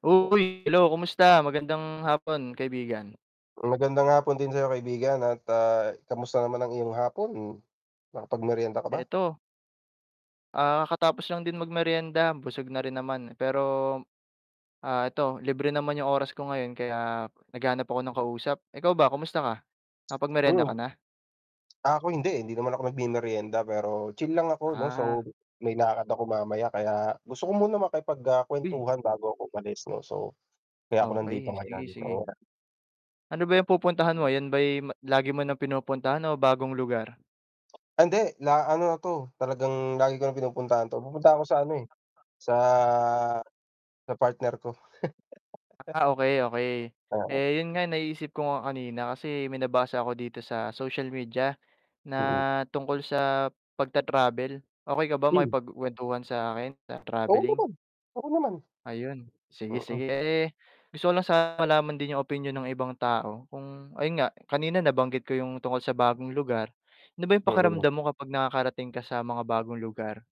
Uy, hello, kumusta? Magandang hapon kaibigan. Magandang hapon din sa'yo kaibigan at, ah, kamusta naman ang iyong hapon, nakapag-meryenda ka ba? Eto. Ah, katatapos lang din mag-meryenda, busog na rin naman pero, ah, eto libre naman yung oras ko ngayon kaya naghahanap ako ng kausap. Ikaw ba kamusta ka nakapag-meryenda Hmm. ka na? Ah, ako hindi eh, hindi naman ako nagmemeryenda, pero chill lang ako 'no Ah. so may lakad ako mamaya kaya gusto ko muna makipag ah Uy. kwentuhan bago ako umalis 'no so kaya ako nandito Okey, ngayon. sige, sige. [unintelligible] Ano ba yung pupuntahan mo, yan ba'y lagi mo ng pinupuntahan o bagong lugar? Ah, hindi la ano na 'to talagang lagi ko ng pinupuntahan 'to, pupunta ako sa ano eh, sa sa partner ko. Ah, okey, okey, Ah. eh yun nga naisip ko nga kanina kasi may nabasa ko dito sa social media na Mm. tungkol sa pagta-travel, okey ka ba Hm. makipagkwentuhan sa akin sa Oo travelling? naman, oo naman. Ayun, sige Mm. sige, eh gusto ko lang sana malaman din yung opinyon ng ibang tao kung ayun nga kanina nabanggit ko yung tungkol sa bagong lugar, ano ba yung Mm. pakiramdam mo kapag nakakarating ka sa mga bagong lugar?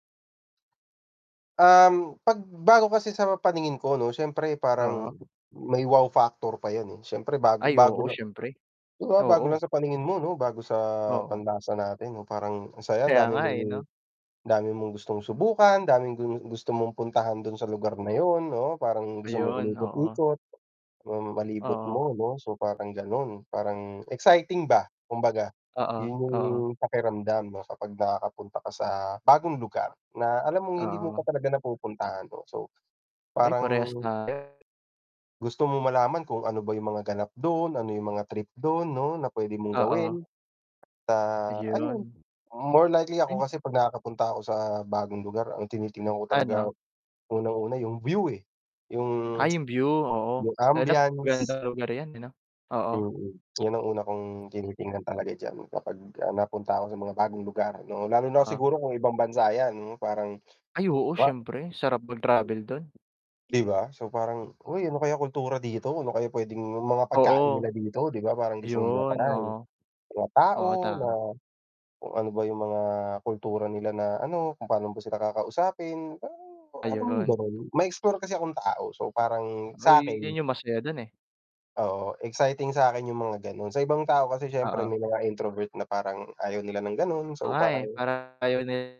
Um, 'pag bago kasi sa paningin ko 'no siyempre parang Oo. may wow factor pa yun eh, siyempre bago Ay, bago oo na. siyempre, Di ba bago lang oo. sa paningin mo 'no bago sa Oo. panlasa natin parang ang sayang Kaya dami nga mong eh 'no. dami mong gustong subukan, daming gusto mong puntahan dun sa lugar na yun 'no, parang gusto mong Ayun oo. umikot-ikot, hmm malibot Oo. mo 'no so parang ganon. Parang exciting ba kumbaga Oo, yun yung oo. pakiramdam 'no kapag nakakapunta ka sa bagong lugar, na alam mong hindi mo Oo. pa talaga napupuntahan oh, so Ay parang parehas tayo. gusto mong malaman kung ano ba yung mga ganap dun, ano yung mga trip dun 'no na pwede mong Oo. gawin. Ah ayun, Ayun. more likely ako M kasi pag nakakapunta ako sa bagong lugar, ang tinitignan ko talaga Ano? unang una yung view eh yung Ay, yung view? Oo, yung lalo na ambiance. magandang lugar yan ano, oo. Mm, yan ang una kong tinitingnan talaga d'yan kapag napunta ako sa mga bagong lugar 'no. Lalo na Oo. siguro kung ibang bansa yan parang Ay oo, ah. siyempre sarap O [unintelligible] mag-travel dun. di ba, so parang uy, ano kaya kultura dito, ano kaya pwedeng yung mga pagkain Oo. nila dito, 'di ba parang gusto mong Yun, ma-try, oo. mga tao Oo, na tama. kung ano ba yung mga kultura nila na ano, kung pano ba sila kakausapin alam mong Ayun. ganun, ma-explore kasi akong tao so parang Uy sakin yun yung masaya dun eh. oo, exciting sakin yung mga ganon, sa ibang tao kasi siyempre Oo. nila nga introvert na parang ayaw nila ng ganon, Oo so nga eh, parang parang yun eh.